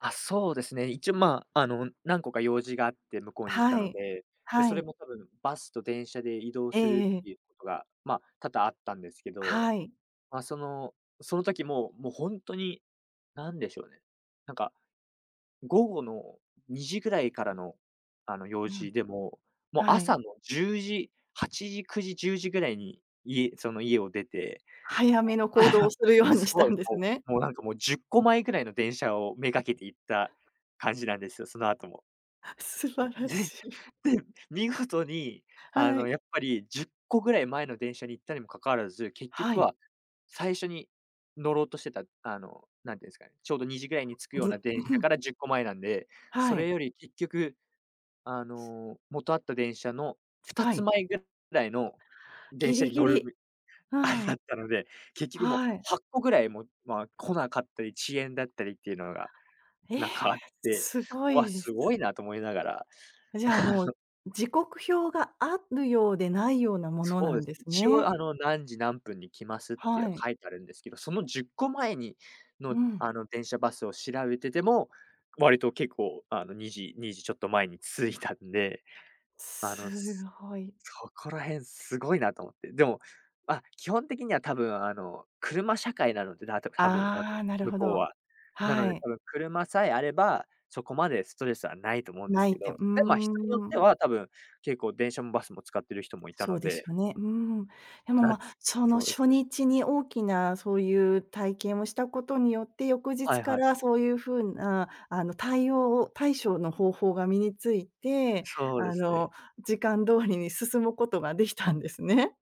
あ、そうですね、一応まあ、あの、うん、何個か用事があって向こうに行ったはのい。で。で、はそれい。も多分バスと電車で移動えすえるえっえ。ていうことが、ま、多々あったんですけど。はい。まあ、その、その時も、もうほんとに、なんでしょうね、なんか、午後の2時ぐらいからの、あの、用うん。事でも、もうはい。朝の10時8時、9時、10時ぐらいに、家その家を出て、早めのお行動を するようにすしたごい、んですこね？う、もうなんかもう10個前ぐらいの電車を目掛けて行った感じなんですよ、その後も。素うん晴らで、しい。で、見事にあはの、い。やっぱり10個ぐらい前の電車に行ったにもかかわらず、結は局い。は最初に乗ろうとしてた、あの、何て言うんすかね、ちょうど2時ぐらいに着くつよでうぃんな電うふ車ん。から10個前なんで、そはい。れより結局、あすの、元あった電車のふたはつい。前ぐらいの電ギ車リにギ乗るリ。べあれあだっん。たので、結局もうはい。8個ぐらい、もうまあ、来なかったり遅延だったりっていうのが、ええ！なんかあって、すごういわ、ですごす。いなと思いながら、じゃあ、あもう、の時刻表が有るようで、無いようなものそうなでんすね、です一応ね？あの、何時何分に来ますってははい。書いてあるんですけど、その10個前にの、うん。あの電車バスを調べてても、割と結構あの、2時-2時ちょっと前に着いたんで。あの、すすごい。そこら辺すごいなと思って。でも、ま、基本的には多分あの、車社会なので、なとくは分あの、ああ、なる向ほこうど。は。なのはで、い。多分車さえあれば、そこまでストレスは無いと思うんで無すいけてうーど。で、まあ、人によってん。は多分、結構電車もバスも使ってる人もいたそのうでしで。ょうね、うーん。でも、なま、つそのそうです初ね。日に大きなそういう体験をしたことによって、翌は日いかはい。らそういう風な、あの、対応を、対処をの方法が身について、そうであすね。の、時間通りに進むことができたんですね。